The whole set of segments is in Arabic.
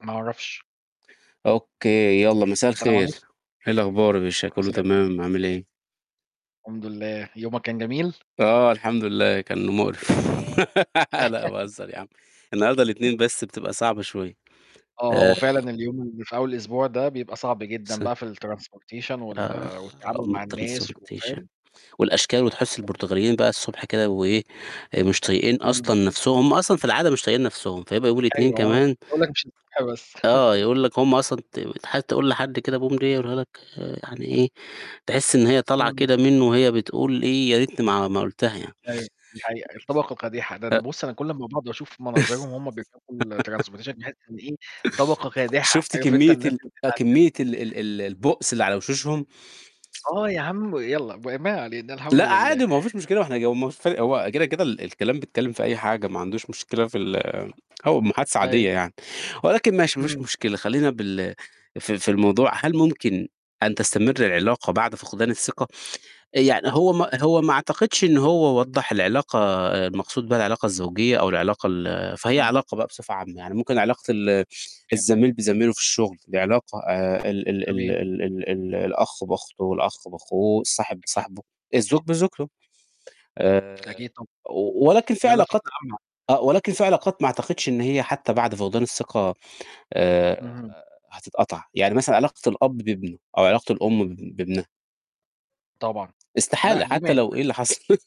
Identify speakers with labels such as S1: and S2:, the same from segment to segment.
S1: ما أعرفش.
S2: أوكي، يالّا مساء
S1: سلام
S2: الخير.
S1: عليكم.
S2: إيه الاخبار يا باشا، كله
S1: [unintelligible]
S2: تمام، عامل إيه؟
S1: الحمد لله. يومك كان جميل؟
S2: اه الحمد لله كان مقرف لا باهزر يا عم. النهاردة
S1: [unintelligible]
S2: الاتنين بس بتبقى صعبة شوية.
S1: آه، هو
S2: آآ
S1: فعلًا اليوم اللي في أول الأسبوع ده بيبقى صعب جدًا
S2: س
S1: بقى في الtransportation وال
S2: آآ على
S1: والتعامل
S2: أم
S1: مع الناس،
S2: الTransportation.
S1: وفاهم؟
S2: والأشكال وتحس
S1: [unintelligible]
S2: البرتغاليين بقى الصبح كده وإيه مش طايقين
S1: امم.
S2: اصلًا نفسهم. هم اصلًا في العادة مش طايقين نفسهم. فهيبقى يوم الاتنين
S1: أيوه، آه ما أنا كنت
S2: كمان.
S1: هاقولّ لك مش الصبح بس.
S2: آه يقول لك هم اصلًا ت حد يقول لحد كده "bom dia" يقولها لك آآ يعني إيه، تحس إن هي طالعة
S1: امم.
S2: كده منه وهي بتقول إيه، يا ريتني ما ما قُلتها يعني.
S1: أيوه، دي حقيقة، الطبقة كادحة، ده
S2: أ
S1: ده بص أنا كل اما باقعد واشوف مناظرهم وهم بيركبوا ال transportation، باحس إنه إيه طبقة كادحة،
S2: شُفت
S1: عارف أنت
S2: كمية
S1: الناس
S2: ال
S1: اللي
S2: آه كمية ال
S1: بيتعذبوا.
S2: ال البؤس اللي على وشوشهم؟
S1: آه يا عم. يالّا، وما علينا، الحمد
S2: لأ
S1: لله.
S2: عادي ما هو ما فيش مشكلة واحنا [unintelligible] هو كده كده الكلام بيتكلم في اي حاجة ما عندهوش مشكلة في ال هو محادثة
S1: أيوه.
S2: عادية يعني. ولكن ماشي ما فيش
S1: امم.
S2: مشكلة خلينا بال في في الموضوع. هل ممكن أن تستمر العلاقة بعد فقدان الثقة؟ يعني هو ما هو ما اعتقدش إن هو وضّح العلاقة آآ المقصود بها العلاقة الزوجية او العلاقة ال فهي
S1: آه.
S2: علاقة بقى بصفة عامة. يعني ممكن علاقة ال
S1: تمام.
S2: الزميل بزميله في الشغل، دي علاقة آآ ال ال ال
S1: تمام.
S2: ال ال ال الأخ بأخته والأخ بأخوه، الصاحب
S1: أكيد.
S2: بصاحبه، الزوج
S1: أكيد.
S2: بزوجته. آآ
S1: أكيد طب
S2: و ولكن في
S1: لا، لا
S2: علاقات
S1: فتنة عامة.
S2: آه ولكن في علاقات ما اعتقدش إن هي حتى بعد فقدان الثقة، آآ
S1: اهم.
S2: هتتقطع. يعني مثلًا علاقة الأب بابنه أو علاقة الأم ب بابنها.
S1: طبعًا. لأ،
S2: استحالة
S1: دي ما
S2: حتى لو
S1: ينفعش
S2: إيه اللي حصل.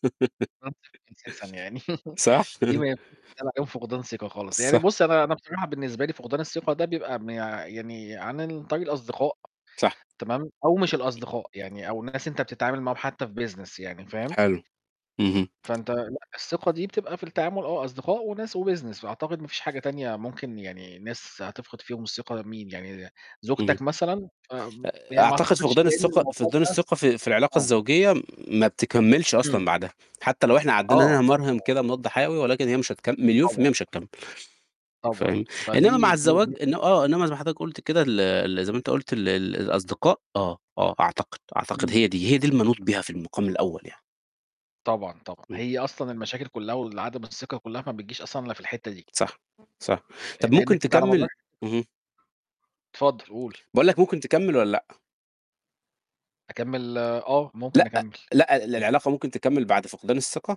S1: [unintelligible] أساسًا يعني
S2: صح؟
S1: دي ما ينفعش يتقال عليهم فقدان ثقة خالص. يعني
S2: صح.
S1: بُصّ أنا أنا بصراحة بالنسبة لي فقدان الثقة ده بيبقى مي يعني عن ال طريق الأصدقاء،
S2: صح.
S1: تمام؟ أو مش الأصدقاء يعني، أو الناس أنت بتتعامل معاهم حتى في business يعني، فاهم؟
S2: حلو. اهم.
S1: فانت لأ، الثقة دي بتبقى في التعامل آه أصدقاء وناس وbusiness، فأعتقد ما فيش حاجة تانية ممكن يعني ناس هتفقد فيهم الثقة، مين يعني؟
S2: اهم،
S1: زوجتك مثلًا، امم،
S2: آآ
S1: يعني ما
S2: أعتقد
S1: أعتقدش
S2: فقدان
S1: لأن
S2: الثقة
S1: الموضوع
S2: فقدان
S1: ده
S2: الثقة في في العلاقة
S1: آه.
S2: الزوجية ما بتكملش اصلًا
S1: امم.
S2: بعدها، حتى لو احنا
S1: آه.
S2: عدينا نمرهم
S1: طبعًا.
S2: كده مضاد حيوي ولكن هي مش هتكم مليون في
S1: طبعًا.
S2: المِيَّة مش هتكمّل.
S1: طبعًا.
S2: فاهم؟
S1: فدي
S2: إنما مع
S1: دي دي
S2: الزواج إن آه إنما زي ما حضرتك قلت كده ال ال زي ما انت قُلت ال ال الأصدقاء. آه، آه أعتقد، أعتقد
S1: امم.
S2: هي دي، هي دي اللي منوط بيها في المقام الأول يعني.
S1: طبعًا، طبعًا
S2: امم.
S1: هي أصلًا المشاكل كلها وال عدم الثقة كلها ما بتجيش أصلًا إلا في الحتة دي.
S2: صح صح. طب ممكن
S1: لأنك أنت على مدار
S2: تكمّل؟ اهم.
S1: اتفضل، قول.
S2: باقول لك ممكن تكمّل والّا لأ؟
S1: أكمّل آه، ممكن
S2: لأ،
S1: أكمّل.
S2: لأ، ال
S1: [unintelligible]
S2: العلاقة ممكن تكمّل بعد فقدان الثقة؟